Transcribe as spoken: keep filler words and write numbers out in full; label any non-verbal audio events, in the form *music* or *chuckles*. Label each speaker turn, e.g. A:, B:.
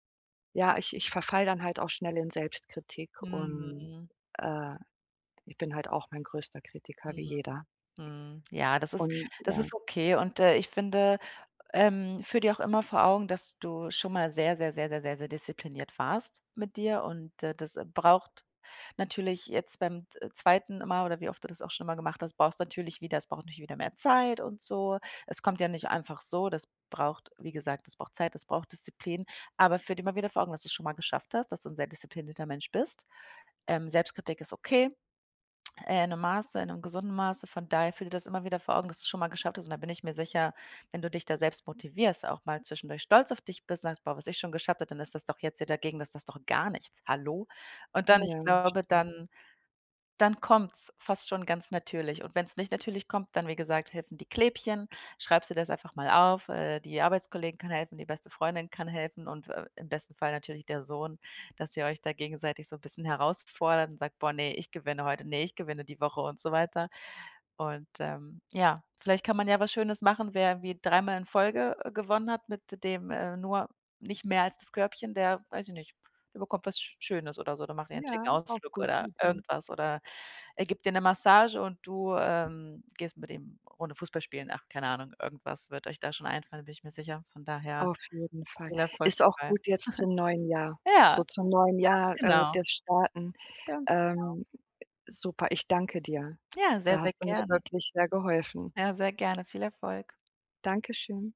A: Ja, ich ich verfalle dann halt auch schnell in Selbstkritik und,
B: Mhm.
A: äh, ich bin halt auch mein größter Kritiker, wie
B: Mhm,
A: jeder.
B: mhm, ja, das ist
A: Und
B: das
A: ja.
B: ist okay und, äh, ich finde, ähm, führe dir auch immer vor Augen, dass du schon mal sehr, sehr, sehr, sehr, sehr sehr diszipliniert warst mit dir und, äh, das braucht natürlich jetzt beim, äh, zweiten Mal, oder wie oft du das auch schon immer gemacht hast, brauchst natürlich wieder es braucht natürlich wieder mehr Zeit und so. Es kommt ja nicht einfach so, das braucht wie gesagt, das braucht Zeit, das braucht Disziplin. Aber führ dir immer wieder vor Augen, dass du's schon mal geschafft hast, dass du 'n sehr disziplinierter Mensch bist. Ähm, Selbstkritik ist okay, äh, in 'nem Maße, in 'nem gesunden Maße. Von daher führ dir das immer wieder vor Augen, dass du's schon mal geschafft hast und da bin ich mir sicher, wenn du dich da selbst motivierst, auch mal zwischendurch stolz auf dich bist und sagst: „Boah, was ich schon geschafft habe“, dann ist das doch jetzt hier dagegen das ist doch gar nichts. Hallo? Und dann ich
A: Ja,
B: glaube,
A: stimmt.
B: dann dann kommt's fast schon ganz natürlich und wenn's nicht natürlich kommt, dann, wie gesagt, helfen die Klebchen. Schreibst du dir das einfach mal auf, äh, die Arbeitskollegin kann helfen, die beste Freundin kann helfen und w äh, im besten Fall natürlich der Sohn, dass ihr euch da gegenseitig so 'n bisschen herausfordert und sagt: „Boah, ne, ich gewinne heute. Ne, ich gewinne die Woche“, und so weiter und, ähm, ja, vielleicht kann man ja was Schönes machen, wer wie dreimal in Folge, äh, gewonnen hat mit dem, äh, nur nicht mehr als das Körbchen, der weiß ich nicht, der bekommt was Sch Schönes oder so, dann macht ihr 'n
A: Ja
B: schicken
A: auch
B: Ausflug
A: gut,
B: oder
A: mhm.
B: irgendwas oder er gibt dir ne Massage und du, ähm, gehst mit ihm 'ne runde Fußball spielen. Ach, keine Ahnung, irgendwas wird euch da schon einfallen, da bin ich mir sicher. Von daher,
A: Auf jeden Fall.
B: viel Erfolg
A: Ist auch
B: dabei. *chuckles*
A: gut jetzt zum neuen Jahr,
B: Ja,
A: so zum neuen
B: ganz
A: Jahr, äh,
B: genau.
A: das Starten,
B: Ganz genau.
A: ähm, ä super, ich danke dir.
B: Ja, sehr,
A: Da
B: sehr
A: hast du mir
B: gerne.
A: wirklich sehr geholfen.
B: Ja, sehr gerne. Viel Erfolg.
A: Dankeschön.